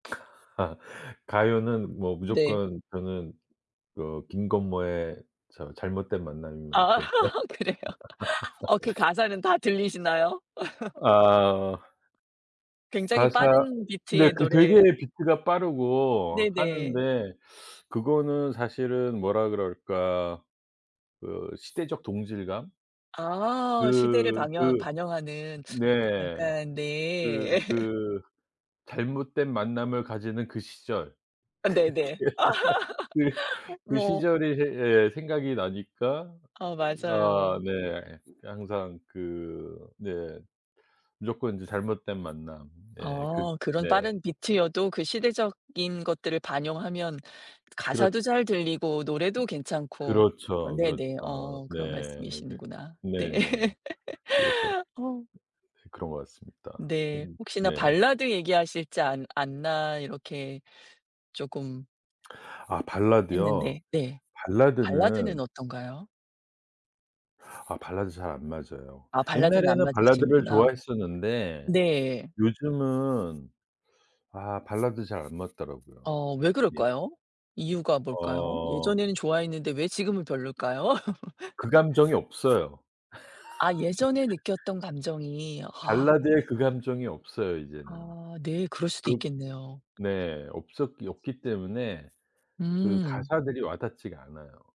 아. 가요는 뭐 네. 무조건 저는 그 김건모의 저 잘못된 만남임을 아 제일 좋아합니다. 그래요? 어 그 가사는 다 들리시나요? 아. 굉장히 가사 빠른 네 비트의 그 되게 노래. 비트가 빠르고 네네. 하는데 그거는 사실은 뭐라 그럴까 그 시대적 동질감? 아 시대를 그 반영 그 반영하는 네. 약간 그 네. 그 잘못된 만남을 가지는 그 시절. 아 네네. 그게 그 그 뭐 시절이 예예 생각이 나니까 아 아 맞아요. 네. 항상 그 네 무조건 이제 잘못된 만남. 네 그 아 그런 네. 빠른 비트여도 그 시대적인 것들을 반영하면 그렇 가사도 잘 들리고 노래도 괜찮고. 어 그렇죠, 네네 그렇죠. 어 네 그런 그 말씀이시는구나. 네. 네네. 그래서. 어. 그런 것 같습니다. 그 네 혹시나 네. 발라드 얘기하실지 않 않나 이렇게 쪼금 아 발라드요? 했는데 네 발라드는 발라드는 어떤가요? 아 발라드 잘 안 맞아요. 아 발라드는 안 옛날에는 발라드를 맞으시는구나. 좋아했었는데 네. 요즘은 아 발라드 잘 안 맞더라고요. 어 왜 예. 그럴까요? 이유가 뭘까요? 어. 예전에는 좋아했는데 왜 지금은 별로일까요? 그 감정이 없어요. 아 예전에 느꼈던 감정이 아. 발라드의 그 감정이 없어요 이제는. 아 네. 그럴 수도 그 있겠네요. 네 없었기 없기 때문에 그 음. 가사들이 와닿지가 않아요.